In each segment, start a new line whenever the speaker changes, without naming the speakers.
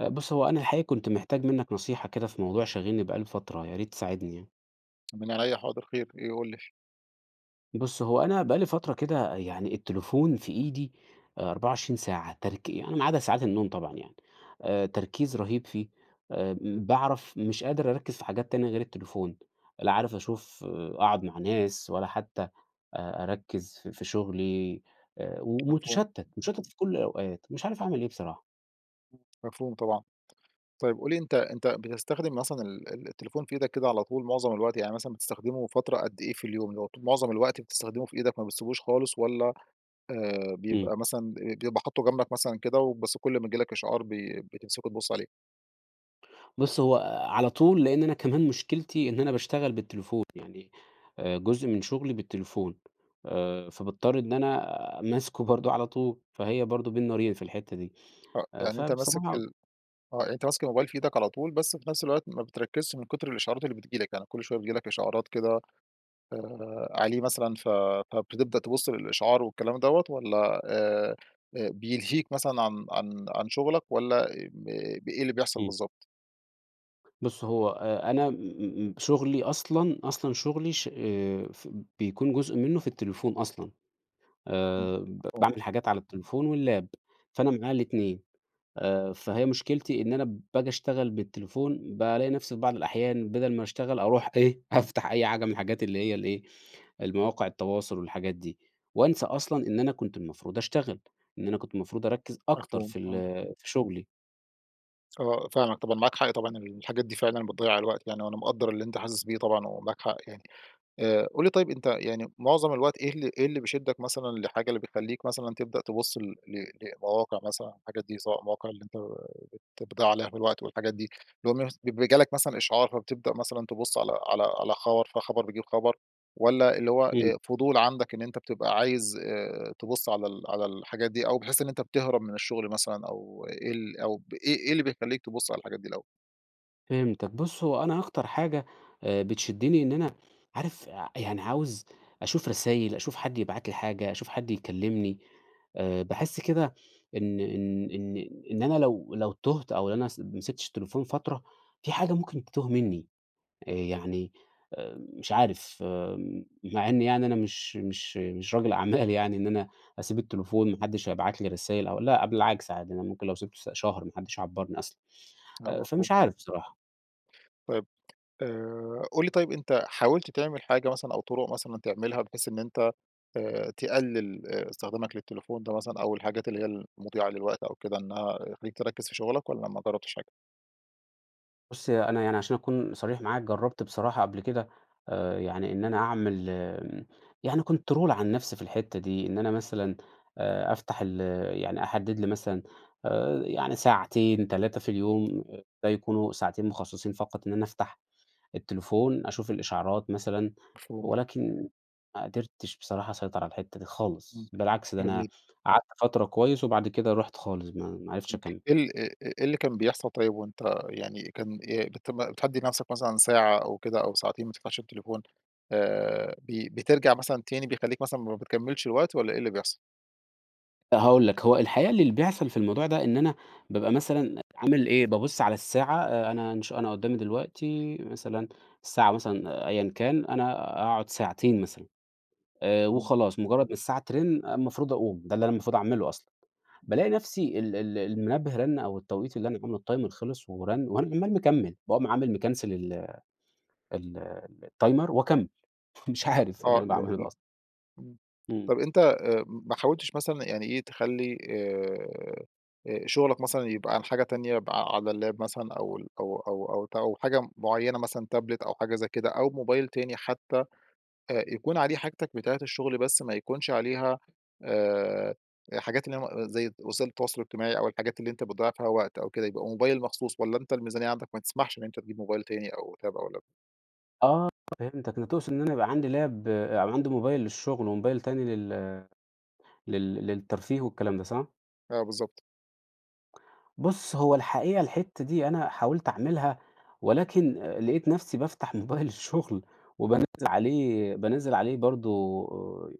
آآ، بُص هو أنا الحقيقية كنت محتاج منك نصيحة كده في موضوع شاغلني بقى لي فترة، ياريت تساعدني يعني.
من عينيّا حاضر، خير، إيه، قُل لي؟
بُص هو أنا بقى لي فترة كده يعني التليفون في إيدي، 24 ساعة ترك يعني ما عدى ساعات النوم طبعًا يعني، آآ تركيز رهيب فيه، آآ م باعرف مش قادر أركّز في حاجات تانية غير التليفون، لا عارف أشوف أقعد مع ناس ولا حتّى أ أركّز في في شغلي آآ، و
مفهوم.
ومتشتّت، مشتّت في كُل الأوقات، مش عارف اعمل إيه بصراحة.
مفهوم طبعًا. طيب قُل لي أنتَ أنتَ بتستخدم مثلًا ال ال التليفون في إيدك كده على طول معظم الوقت، يعني مثلًا بتستخدمه فترة قد إيه في اليوم، اللي هو ط مُعظم الوقت بتستخدمه في إيدك ما بتسيبوش خالص، والّا آآ
إمم.
بيبقى مثلًا بي بيبقى حاطُّه جنبك مثلًا كده، وبس كُل ما ييجي لك إشعار بي بتمسكه تبُص عليه؟
بُص هو على طول، لإن أنا كمان مشكلتي إن أنا باشتغل بالتليفون يعني، آآ، جزء من شغلي بالتليفون، آآ فباضطر إن أنا ماسكه برضه على طول، فهي برضه بين نارين في الحتّة دي
آه،
آآ،
يعني أنتَ ماسك
فبصراحة
ال آه يعني أنتَ ماسك الموبايل في إيدك على طول، بس في نفْس الوقت ما بتركّزش من كتر الإشعارات اللي بتيجي لك، يعني كل شوية بتيجي لك إشعارات كده، آآ عليه مثلًا، فب بتبدأ تبُص للإشعار والكلام دوّة، والّا آآ بيلهيك مثلًا عن عن عن شغلك، والّا ا م إيه اللي بيحصل
إمم.
بالضبط؟
بُص، هو أ أنا م م شغلي أصلًا أصلًا شغلي ش آآ، ف بيكون جزء منّه في التليفون أصلًا.
إمم.
آآ، ب
مفهوم.
باعمل حاجات على التليفون واللاب، فأنا معايا ال2 آآ، فهي مشكلتي إن أنا باجي أشتغل بالتليفون، بالاقي نفسي في بعض الأحيان بَدَل ما أشتغل أروح إيه، أفتح أي حاجة من الحاجات اللي هي ال إيه، المواقع التواصل والحاجات دي. وانسى أصلًا إن أنا كنت المفروض أشتغل، إن أنا كنت المفروض أركّز أكتر
مفهوم.
في ال
آه.
في شغلي.
آه، فاهمك طبعًا، معاك حق طبعًا الحاجات دي فعلًا بتضيّع الوقت يعني وأنا مقدّر اللي أنت حاسس بيه طبعًا و معاك حق يعني. آآ، قُل لي طيب أنت يعني مُعظم الوقت إيه ال إيه اللي بيشدّك مثلًا لحاجة، اللي بتخلّيك مثلًا تبدأ تبُص ل ل لمواقع مثلًا الحاجات دي سواء المواقع اللي أنت ت بتضيّع عليها في الوقت والحاجات دي؟ اللي هو مس بي جالك مثلًا إشعار، فبتبدأ مثلًا تبُص على على على خبر، فخبر بيجيب خبر؟ والَّا اللي هو
إمم.
أ فضول عندك إن أنت بتبقى عايز آآ، تبُص على ال على الحاجات دي؟ أو بحيث إن أنت بتهرب من الشغل مثلًا؟ أو إيه ال أو بإيه إيه اللي بيخلّيك تبُص على الحاجات دي الاول؟
فهمتك. بُص، هو أنا أكتر حاجة، آآ، بتشدّني إن أنا عارف أ يعني عاوز أشوف رسايل، أشوف حد يبعت لي حاجة، أشوف حد يكلّمني. آآ، باحس كده إن إن إن إن أنا لو لو تُهت أو أنا س ما مسكتش التليفون فترة، في حاجة ممكن تِتُوه منّي. أ يعني آآ، مش عارف مع إنّي يعني أنا مش مش مش راجل أعمال يعني إن أنا أسيب التليفون ما حدّش هيبعت لي رسايل أو لأ، بالعكس عادي. أنا ممكن لو سِبته س شهر ما حدّش يعبّرني أصلًا.
لأ،
آآ،
مفهوم.
فمش عارف بصراحة.
طيب، آآ، قُل لي طيب أنت حاولت تعمل حاجة مثلًا أو طُرق مثلًا تعملها بحيث إن أنت آآ تقلّل أ استخدامك للتليفون ده مثلًا أو الحاجات اللي هي ال مُضيّعة للوقت أو كده إنها تخلّيك تركّز في شُغلك والّا ما جرّبتش حاجة؟
بُص ي أنا يعني عشان أكون صريح معاك، جرّبت بصراحة قبل كده آآ، يعني إن أنا أعمل آآ، يعني control على النفْس في الحِتّة دي، إن أنا مثلًا آآ أفتَح ال يعني أحدّد لي مثلًا آآ، يعني ساعتين، 3 في اليوم، ده يكونوا ساعتين مُخصّصين فقط إن أنا أفتَح التليفون أشوف الإشعارات مثلًا
مفهوم.
ولكن ما قدِرتش بصراحة أسيطر على الحِتَّة دي
امم.
خالص، بالعكس، ده أنا
جميل.
قعَدت فترة كويّس وبعد كده رُحت خالص، ما ما عرفتش
امم،
أكمِّل.
إيه ال أ إيه اللي كان بيحصَل طيّب وأنت يعني كان إ بت بتحدّد لنفْسك مثلًا ساعة أو كده أو ساعتين ما تفتَحش التليفون آآ، ب بترجع مثلًا تاني، بيخلّيك مثلًا ما بتكمّلش الوقت والّا إيه اللي بيحصل؟
هاقول لك، هو الحقيقة اللي بيحصَل في الموضوع ده إن أنا بابقى مثلًا عامل إيه، بابُص على الساعة آآ، أنا إنش أنا قُدّامي دلوقتي مثلًا الساعة مثلًا أيًا كان، أنا أقعُد ساعتين مثلًا، آآ
امم.
وخلاص، مُجرّد ما الساعة ترِن المفروض أقُوم، ده اللي أنا المفروض أعمله أصلًا، بالاقي نفْسي ال ال المنبّه رَن أو التوقيت اللي أنا عامله الtimer خلِص ورَن وأنا عمّال مكمّل، باقوم عامل مكنسل ال ال الtimer وأكمّل، مش عارف إيه
آه،
اللي أنا
ال
باعمله
ال
ده أصلًا؟
امم.
امم.
طَب أنت أ م ما حاولتش مثلًا يعني إيه، تخلّي آآ، آآ شُغلك مثلًا يبقى عن حاجة تانية، يبقى ع على اللاب مثلًا أو ال أو أو أو ت أو حاجة مُعيّنة مثلًا تابلت أو حاجة زي كده أو موبايل تاني حتى، أ يكون عليه حاجتك بتاعة الشغل بس ما يكونش عليها، آآ حاجات اللي هي م زي وسائل التواصل الاجتماعي أو الحاجات اللي أنت بتضيّع فيها وقت أو كده، يبقى موبايل مخصوص، والّا أنت الميزانيّة عندك ما تسمحش إن أنت تجيب موبايل تاني أو تاب أو لاب؟
آه فهمتك أنت تقصد إن أنا يبقى عندي لاب أو عندي موبايل للشغل وموبايل تاني لل لل للترفيه والكلام ده صح؟
آه بالضبط.
بص هو الحقيقة الحتّة دي أنا حاولت أعملها ولكن آآ لقيت نفسي بافتح موبايل الشغل وبانزّل عليه بانزّل عليه برضو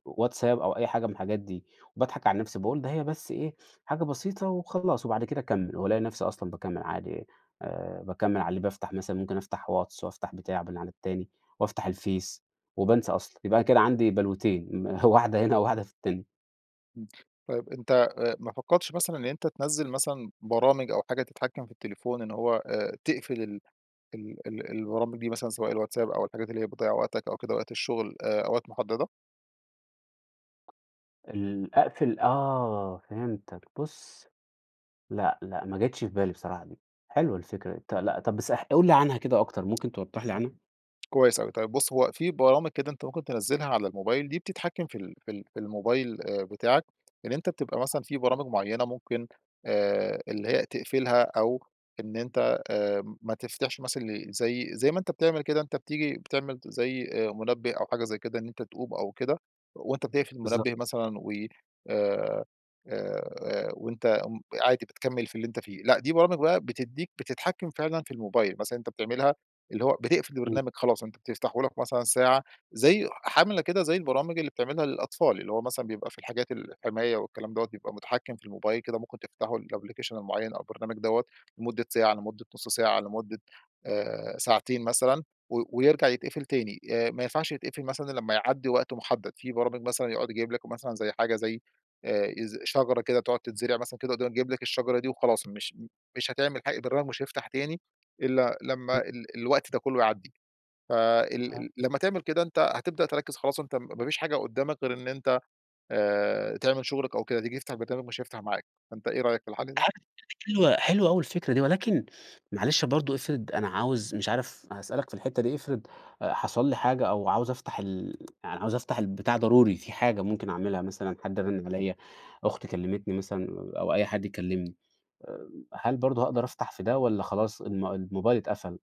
WhatsApp أو أي حاجة من الحاجات دي وباضحك على نفسي، باقول ده هي بس إيه حاجة بسيطة وخلاص وبعد كده أكمل وألاقي نفسي أصلًا باكمل عادي آآ باكمل على اللي بافتح مثلًا ممكن أفتح واتس وأفتح بتاع على التاني وأفتح الفيس وبانسى أصلًا. يبقى كده عندي بلوتين واحدة هنا وواحدة في التاني.
امم. طيّب أنت ما فكرتش مثلًا إن أنت تنزل مثلًا برامج أو حاجة تتحكم في التليفون إن هو آآ تقفل ال ال البرامج دي مثلًا سواء الwhatsapp أو الحاجات اللي هي بتضيع وقتك أو كده وقت الشغل آآ أو وقت محددة؟
ال أقفل آه فهمتك بُصّ. لا لا ما جاتش في بالي بصراحة دي. حلوة الفكرة ط لأ طب بس قل لي عنها كده أكتر ممكن توضح لي
.آه
عنها؟
كويّس أوي طيّب بُص هو في برامج كده أنت ممكن تنزلها على الموبايل دي بتتحكم في ال في ال في الموبايل بتاعك، إن أنت بتبقى مثلًا في برامج معيّنة ممكن آآ اللي هي تقفلها أو إن أنت آمم، ما تفتَحش مثلًا زي زي ما أنت بتعمل كده أنت بتيجي بتعمل زي آآ منبه أو حاجة زي كده أنت تقوم أو كده وأنت بتقفل
بالضب
المنبه مثلًا و آآ، آآ وأنت م عادي بتكمل في اللي أنت فيه. لأ، دي برامج بقى بتدّيك بتتحكم فعلًا في الموبايل مثلًا أنت بتعملها اللي هو بتقفل
إمم.
البرنامج خلاص أنت بتفتحهولك مثلًا ساعة، زي عاملة كده زي البرامج اللي بتعملها للأطفال اللي هو مثلًا بيبقى في الحاجات الحماية والكلام دَوَّة بيبقى متحكم في الموبايل كده ممكن تفتحوا الأبليكيشن المعيّن أو البرنامج دوّة لمدة ساعة، لمدة نص ساعة، لمدة آآ ساعتين مثلًا و ويرجع يتقفل تاني، آآ، ما ينفعش يتقفل مثلًا إلا لمّا يعدّي وقت محدد، في برامج مثلًا يقعد يجيب لك مثلًا زي حاجة زي آآ شجرة كده تقعد تتزرع مثلًا كده وتقعد تجيب لك الشجرة دي وخلاص مش مش هتعمل حا البرنامج مش هيفتح تاني إلا لمّا
[unintelligible]
ال الوقت ده كلّه يعدّي، فال
ها
ال لمّا تعمل كده أنت هتبدأ تركز خلاص، أنت ما فيش حاجة قدّامك غير إن أنت آآ تعمل شغلك أو كده تيجي تفتح البرنامج مش هيفتح معاك. فأنت إيه رأيك في الحل ده؟
[unintelligible] حلوة، حلوة أوي الفكرة دي ولكن معلش برضو افرض أنا عاوز مش عارف هأسألك في الحتّة دي، افرض حصل لي حاجة أو عاوز أفتح ال يعني عاوز أفتح البتاع ضروري في حاجة ممكن أعملها مثلًا، حد رانن عليّا، أختي كلمتني مثلًا أو أي حد يكلمني آآ هل برضو هاقدر أفتح في ده والّا خلاص الم الموبايل اتقفل؟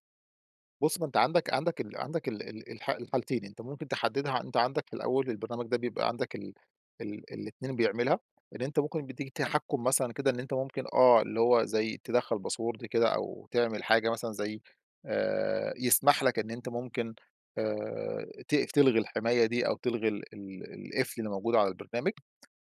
بُص، ما أنت عندك عندك ال عندك ال ال الح الحالتين. أنت ممكن تحدّدها أنت عندك في الأول البرنامج ده بيبقى عندك ال ال الاتنين بيعملها. إن أنت ممكن بيدّيك
[unintelligible]
تحكُّم مثلًا كده إن أنت ممكن آه، اللي هو زي تِدخّل باسورد كده أو تعمل حاجة مثلًا زي آآ يسمح لك إن أنت ممكن آآ تقف تلغي الحماية دي أو تلغي ال ال القفل اللي موجود على البرنامج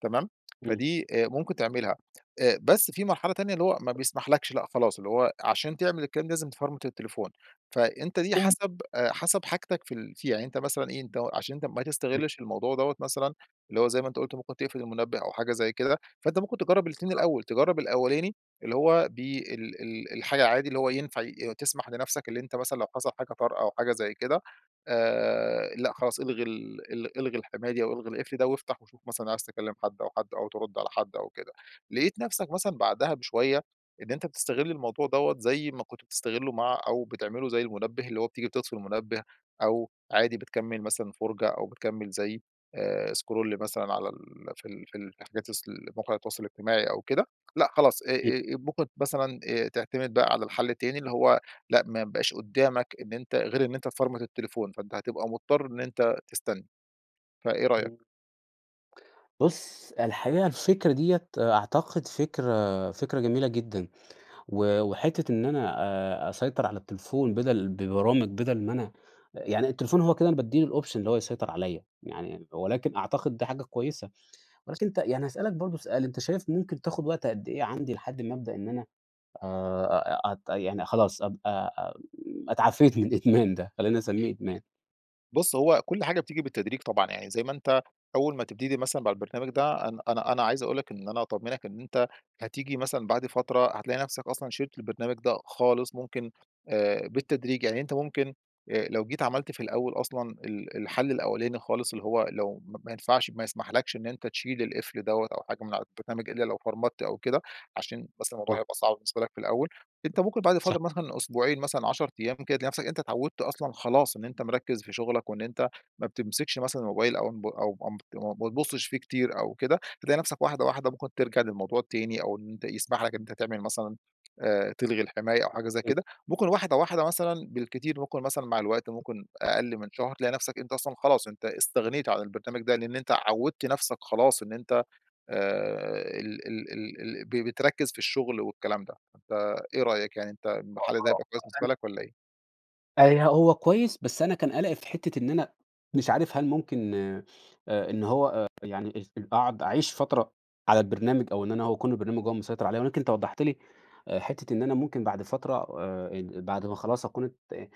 تمام؟
إمم.
فدي آآ ممكن تعملها. أ بس في مرحلة تانية اللي هو ما بيسمحلكش، لأ خلاص اللي هو عشان تعمل الكلام ده لازم تفرمت التليفون. فأنت دي
أو
حسب أ حسب حاجتك في ال فيها. يعني أنت مثلًا إيه، عشان أنت ما
إمم.
تستغلش الموضوع دوّة مثلًا اللي هو زي ما أنت قُلت ممكن تقفل المنبه أو حاجة زي كده، فأنت ممكن تجرّب الاتنين
صح.
الأول. تجرّب الأولاني اللي هو بي ال ال الحاجة عادي، اللي هو ينفع ي تسمح لنفسك اللي أنت مثلًا لو حصل حاجة طارئة أو حاجة زي كده، آآ لأ خلاص إلغي ال ال إلغي الحماية دي أو إلغي القفل ده وافتح وشوف مثلًا عايز تكلّم حد أو حد أو ترُد على حد أو كده. لقيت نفسك مثلُا بعدها بشوية إن أنت بتستغل الموضوع دوّة زي ما كنت بتستغله مع أو بتعمله زي المنبه. اللي هو بتيجي بتطفي المنبه أو عادي بتكمّل مثلًا فُرجَة أو بتكمّل زي آآ سكرول مثلًا على ال في ال في ال في حاجات اصل موقع التواصل الاجتماعي أو كده، لأ خلاص. أ
إمم.
أ ممكن مثلًا أ تعتمد بقى على الحل التاني اللي هو، لأ ما يبقاش قُدّامك إن أنت غير إن أنت تفرمت التليفون، فأنت هتبقى مضطر إن أنت تستني. فإيه رأيك؟
إمم. بُص، الحقيقة الفكرة ديّة أعتقد فكرة فكرة جميلة جدًا. و وحتّة إن أنا أ أسيطر على التليفون بَدَل ببرامج بَدَل ما أنا يعني التليفون هو كده أنا بادّي له الأوبشن اللي هو يسيطر عليّا. يعني ولكن أعتقد ده حاجة كويسة. ولكن أنت يعني هاسألك برضه سؤال، أنت شايف ممكن تاخُد وقت قد إيه عندي لحد ما أبدأ إن أنا آآ أ أت يعني خلاص أبقى أ اتعافيت من الإدمان ده؟ خلّينا نسمّيه إدمان.
بُص، هو كل حاجة بتيجي بالتدريج طبعًا. يعني زي ما أنت أول ما تبتدي مثلًا مع البرنامج ده أنا أنا أنا عايز أقول لك إن أنا أطمنك إن أنت هتيجي مثلًا بعد فترة هتلاقي نفسك أصلًا شِلت البرنامج ده خالص ممكن آآ بالتدريج. يعني أنت ممكن أ لو جيت عملت في الأول أصلًا ال الحل الأولاني خالص اللي هو لو م ما ينفعش ما يسمحلكش إن أنت تشيل القفل دوّة أو حاجة من على البرنامج إلّا لو فرمت أو كده، عشان بس الموضوع
صح.
هيبقى صعب بالنسبة لك في الأول، أنت ممكن بعد
صح.
فترة مثلًا أسبوعين مثلًا 10 أيام كده، تلاقي نفسك أنت اتعوّدت أصلًا خلاص إن أنت مركّز في شغلك وإن أنت ما بتمسكش مثلًا الموبايل أو نب أو امت م ما بتبُصّش فيه كتير أو كده، هتلاقي نفسك واحدة، واحدة ممكن ترجع للموضوع التاني أو إن أنت يسمح لك إن أنت تعمل مثلًا آآ تلغي الحماية أو حاجة زي
[unintelligible]
كده. ممكن واحدة واحدة مثلًا بالكتير ممكن مثلًا مع الوقت ممكن أقل من شهر، تلاقي نفسك أنت أصلًا خلاص أنت استغنيت على البرنامج ده، لإن أنت عوّدت نفسك خلاص إن أنت آآ ال ال ال ال ب بتركّز في الشغل والكلام ده. فإيه رأيك يعني أنت الم حل ده هيبقى كويس بالنسبة
[unintelligible]
لك والّا إيه؟
آآ، ي هو كويّس بس أنا كان قلقي في حِتّة إن أنا مش عارف هل ممكن آآ إن هو آآ، يعني أ قاعد أعيش فترة على البرنامج أو إن أنا هو أكون البرنامج هو المسيطر عليَّ ولكن أنت وضّحت لي آآ، حِتّة إن أنا ممكن بعد فترة آآ، ال بعد ما خلاص أكون ات آآ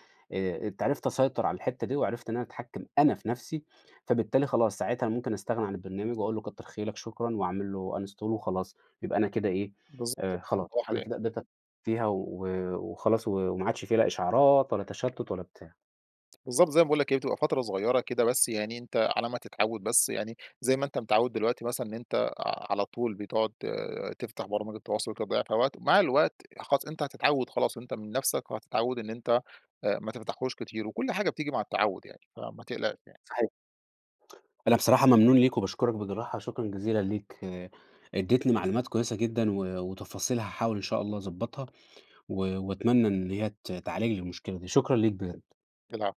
ات عرِفت أسيطر على الحِتّة دي وعرِفت إن أنا أتحكّم أنا في نفْسي فبالتالي خلاص، ساعتها أنا ممكن أستغنى عن البرنامج وأقول له كتّر خيرك شكرًا وأعمل له uninstall وخلاص يبقى أنا كده إيه،
بالضبط.
آآ خلاص أنا
[unintelligible]
كده قدِرت أت [unintelligible] فيها و وخلاص و وما عادش في لا إشعارات ولا تشتُّت ولا بتاع.
بالضبط زي ما باقول لك، هي بتبقى فترة صغيرة كده بس، يعني أنت على ما تتعوّد بس يعني، زي ما أنت متعوّد دلوقتي مثلًا إن أنت ع على طول بتقعُد تفتَح برامج التواصل وبتضيّع فيها وقت، ومع الوقت خلاص أنت هتتعوّد خلاص وأنت من نفْسك وهتتعوّد إن أنت أ ما تفتحوش كتير وكل حاجة بتيجي مع التعوُّد يعني، فما تقلقش يعني.
صحيح. أنا بصراحة ممنون ليك وباشكرك بجراحة، شكرًا جزيلًا ليك، إدّيتني معلومات كويسة جدًا و وتفاصيل هاحاول إن شاء الله أضبّطها و وأتمنى إن هي ت تعالج لي المشكلة دي. شكرًا ليك بجد.
العفو.